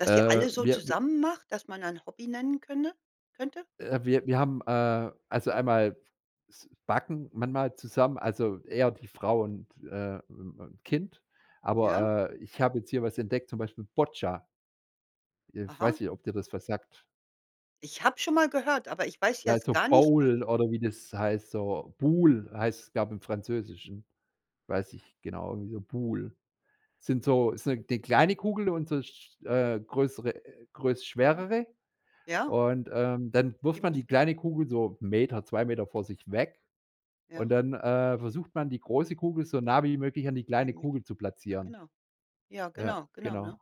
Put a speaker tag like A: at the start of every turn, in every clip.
A: Dass ihr
B: Äh,
A: alle so
B: wir w
A: zusammen macht, dass man dann Hobby nennen könne könnte?
B: Äh, wir wir haben, äh, also, einmal s backen manchmal zusammen also, eher die Frau und, äh, äh, ähm, Kind,
A: Ja.
B: aber, äh, ich habe jetzt hier was entdeckt, zum Beispiel Boccia. Äh,
A: Aha.
B: weiß nicht, ob dir das was sagt.
A: Ich habe schon mal gehört, aber ich weiß jetzt
B: Also,
A: gar nicht was
B: Bowle oder wie das heißt, so Boules, heißt es, glaube ich, im Französischen weiß nicht genau, irgendwie so Boules. Sind so ist 'ne 'ne kleine Kugel und so sch äh, größere größ
A: Aha.
B: schwerere.
A: Ja.
B: Und, ähm, dann
A: Die
B: wirft man die
A: musste
B: kleine Kugel so 1 m, 2 m vor sich weg. Und
A: Ja.
B: dann, äh, versucht man, die große Kugel so nah wie möglich an die kleine
A: [unintelligible]
B: Kugel zu
A: Ja,
B: platzieren.
A: genau. Ja,
B: Ja,
A: genau, genau
B: genau.
A: ja.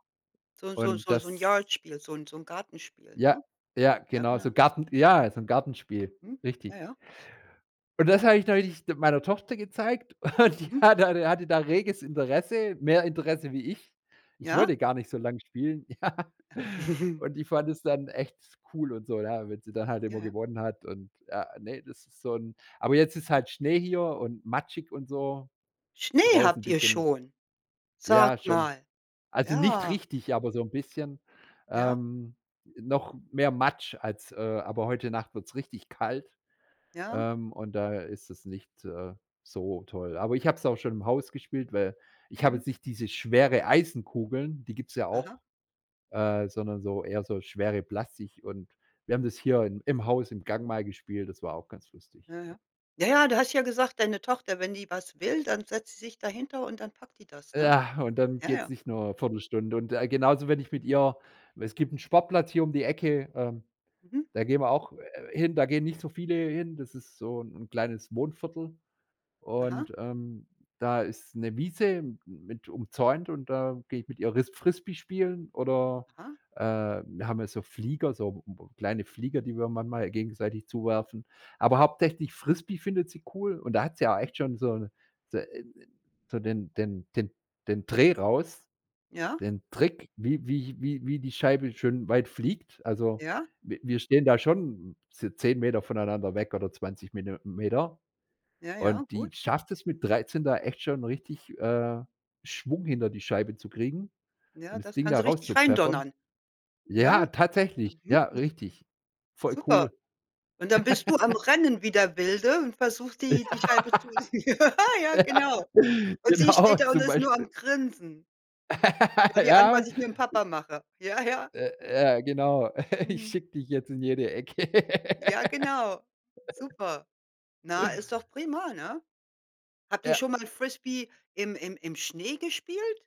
A: So so
B: Und
A: so so 'n
B: das
A: Yard Spiel so so 'n Gartenspiel,
B: Ja,
A: ne?
B: ja,
A: Ja,
B: genau, so
A: genau.
B: Garten ja, so 'n Gartenspiel,
A: Mhm, ja,
B: richtig.
A: ja.
B: Und das habe ich neulich meiner Tochter gezeigt. Und die
A: Mhm.
B: hatte da hatte da reges Interesse, mehr Interesse wie ich. Ich
A: Ja.
B: wollte gar nicht so lange spielen, ja. Und die fand das dann echt cool und so, ja, wenn sie dann halt
A: Ja,
B: immer
A: ja.
B: gewonnen hat und ah, ne, das ist so 'n aber jetzt ist
A: Mhm.
B: halt Schnee hier und matschig und so. Ist
A: Schnee
B: draußen 'n
A: habt ihr
B: bisschen
A: schon.
B: Ja,
A: Sag
B: schon.
A: mal.
B: Also, nicht
A: Ja.
B: richtig, aber so 'n bisschen.
A: Ja.
B: Ähm, noch mehr Matsch als, äh aber heute Nacht wird's richtig kalt,
A: Ja.
B: ähm, und da ist es nicht, äh, so toll. Aber ich habe es auch schon im Haus gespielt, weil ich habe
A: Mhm.
B: jetzt nicht diese schwere Eisenkugeln, die gibt's ja
A: Aha.
B: auch, äh, sondern so eher so schwere Plastik und wir haben das hier
A: Mhm.
B: in im Haus im Gang mal gespielt, das war auch ganz lustig,
A: Ja,
B: ja.
A: ja. Ja, ja du hast ja gesagt, deine Tochter, wenn die was will, dann setzt sie sich dahinter und dann packt die das, ne?
B: Ja, und dann
A: Ja,
B: geht's
A: ja.
B: nicht nur 1/4 Stunde. Und, äh, genauso, wenn ich mit ihr weil es gibt 'n Sportplatz hier um die Ecke, ähm,
A: Mhm.
B: da gehen wir auch, äh, hin, da gehen nicht so viele hin, das ist so 'n kleines Wohnviertel.
A: Aha.
B: Und, ähm, da ist 'ne Wiese mit umzäunt und da gehe ich mit ihr ris Frisbee spielen oder,
A: Aha.
B: äh wir haben ja so Flieger, so m m kleine Flieger, die wir manchmal gegenseitig zuwerfen. Aber hauptsächlich Frisbee findet sie cool und da hat sie auch
A: Mhm.
B: echt schon so d äh, so den den den den Dreh raus,
A: Ja.
B: den Trick, wie wie wie wie die Scheibe schön weit fliegt. Also,
A: Ja.
B: w wir stehen da schon z 10 m voneinander weg oder 20 Minu Meter.
A: Ja,
B: Und
A: ja,
B: die
A: gut.
B: schafft es mit 13 da echt schon richtig, äh, Schwung hinter die Scheibe zu kriegen und
A: Ja,
B: das
A: das
B: Ding
A: kann
B: da
A: so richtig
B: rauszupfeffern.
A: reindonnern. Ja?
B: Ja, tatsächlich.
A: Mhm.
B: Ja,
A: Hm.
B: richtig. Voll
A: Super.
B: cool.
A: Und dann bist du am Rennen wie der Wilde und versuchst
B: Ja,
A: die die Scheibe zu [unintelligible] Ja, ja, genau.
B: ja,
A: Und sie
B: genau
A: steht da und
B: zum
A: ist nur
B: Beispiel.
A: am Grinsen. Schau dir an,
B: Ja.
A: was ich mit'm Papa mache. Ja, ja.
B: Äh, ja, genau, ich
A: Mhm.
B: schicke dich jetzt in jede Ecke.
A: Ja, genau. Super. Na, ist doch prima, ne? Habt ihr
B: Ja.
A: schon mal Frisbee im im im Schnee gespielt?